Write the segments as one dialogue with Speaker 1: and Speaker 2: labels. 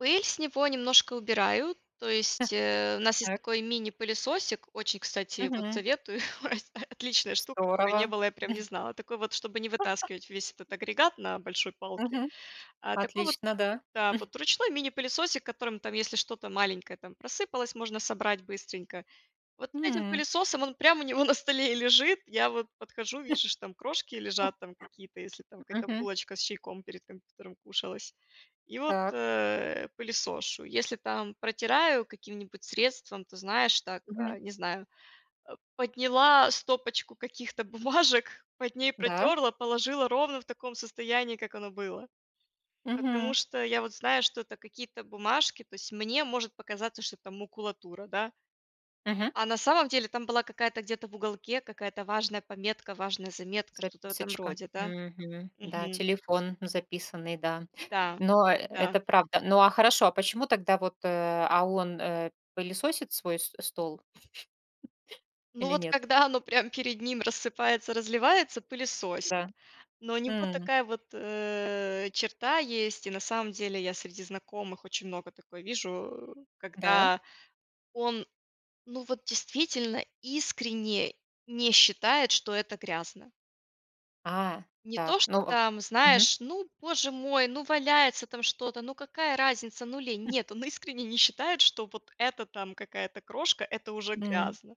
Speaker 1: Пыль с него немножко убираю, то есть, э, у нас есть
Speaker 2: Так.
Speaker 1: такой мини-пылесосик, очень кстати вот
Speaker 2: Мгм.
Speaker 1: советую, от отличная штука, пока не
Speaker 2: Здорово.
Speaker 1: было, я прям не знала. Такой вот, чтобы не вытаскивать весь этот агрегат на большой палке.
Speaker 2: Мгм.
Speaker 1: А такой вот
Speaker 2: Отлично, да.
Speaker 1: да. Вот ручной мини-пылесосик, которым там если что-то маленькое там просыпалось, можно собрать быстренько. Вот с этим
Speaker 2: М.
Speaker 1: пылесосом, он прям у него на столе и лежит. Я вот подхожу, вижу, что там крошки лежат там какие-то, если там какая-то
Speaker 2: Мгм.
Speaker 1: булочка с чайком перед компьютером кушалась. И вот,
Speaker 2: Так.
Speaker 1: э, пылесошу. Если там протираю каким-нибудь средством, ты знаешь, так,
Speaker 2: Мгм.
Speaker 1: э, не знаю, э, подняла стопочку каких-то бумажек, под ней
Speaker 2: Да?
Speaker 1: протерла, положила ровно в таком состоянии, как оно было. Потому
Speaker 2: Мгм.
Speaker 1: что я вот знаю, что это какие-то бумажки, то есть мне может показаться, что это макулатура, да.
Speaker 2: Мгм.
Speaker 1: А на самом деле там была какая-то, где-то в уголке, какая-то важная пометка, важная заметка, что-то в этом
Speaker 2: Записочка.
Speaker 1: роде, да.
Speaker 2: Мгм. Да,
Speaker 1: Мгм.
Speaker 2: телефон записанный, да.
Speaker 1: Да.
Speaker 2: Но э
Speaker 1: Да.
Speaker 2: это правда. Ну, а хорошо. А почему тогда вот, э А он, э, пылесосит свой с стол?
Speaker 1: Ну
Speaker 2: Или
Speaker 1: вот,
Speaker 2: нет?
Speaker 1: когда оно прям перед ним рассыпается, разливается- пылесосит.
Speaker 2: Да.
Speaker 1: Но у него
Speaker 2: М.
Speaker 1: такая вот, э, черта есть, и на самом деле я среди знакомых очень много такое вижу,
Speaker 2: Да?
Speaker 1: когда он ну вот действительно искренне не считает, что это грязно.
Speaker 2: А,
Speaker 1: Не то,
Speaker 2: так.
Speaker 1: что
Speaker 2: Ну, э
Speaker 1: там,
Speaker 2: Мгм.
Speaker 1: знаешь, ну, Боже мой, ну, валяется там что-то, ну какая разница, ну или нет. Он искренне не считает, что вот эта там какая-то крошка- это уже
Speaker 2: М.
Speaker 1: грязно.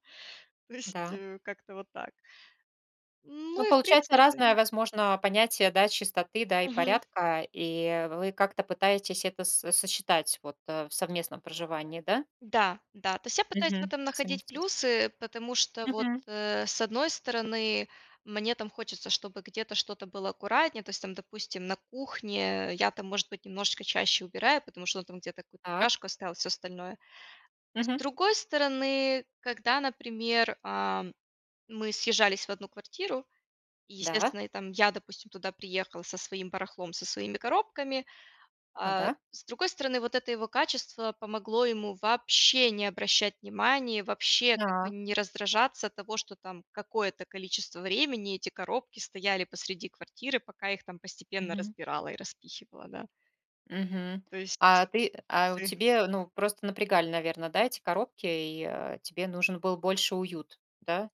Speaker 1: То есть,
Speaker 2: Да.
Speaker 1: э, как-то вот так.
Speaker 2: Ну,
Speaker 1: Ну, и в
Speaker 2: получается
Speaker 1: принципе
Speaker 2: разное,
Speaker 1: н
Speaker 2: возможно, понятие, да, чистоты, да, и
Speaker 1: Мгм.
Speaker 2: порядка. И вы как-то пытаетесь это со сочетать вот в совместном проживании, да?
Speaker 1: Да, да. То есть я пытаюсь в
Speaker 2: Мгм,
Speaker 1: этом находить
Speaker 2: совместить.
Speaker 1: плюсы, потому что вот,
Speaker 2: Мгм.
Speaker 1: э, с одной стороны, мне там хочется, чтобы где-то что-то было аккуратнее. То есть там, допустим, на кухне я там может быть немножечко чаще убираю, потому что он там где-то какую-то
Speaker 2: Так.
Speaker 1: чашку оставил, всё остальное. С
Speaker 2: Мгм.
Speaker 1: другой стороны, когда, например, ам, мы съезжались в 1 квартиру и
Speaker 2: Да.
Speaker 1: естественно, я, там я допустим, туда приехала со своим барахлом, со своими коробками, а.
Speaker 2: Ага.
Speaker 1: С другой стороны, вот это его качество помогло ему вообще не обращать внимания, вообще как бы
Speaker 2: Да.
Speaker 1: не раздражаться от того, что там какое-то количество времени эти коробки стояли посреди квартиры, пока их там постепенно
Speaker 2: Мгм.
Speaker 1: разбирала и распихивала, да.
Speaker 2: Мгм.
Speaker 1: То есть,
Speaker 2: А ты, а у
Speaker 1: з
Speaker 2: тебе, ну, просто напрягали, наверно, да, эти коробки, и, э, тебе нужен был больше уют, да?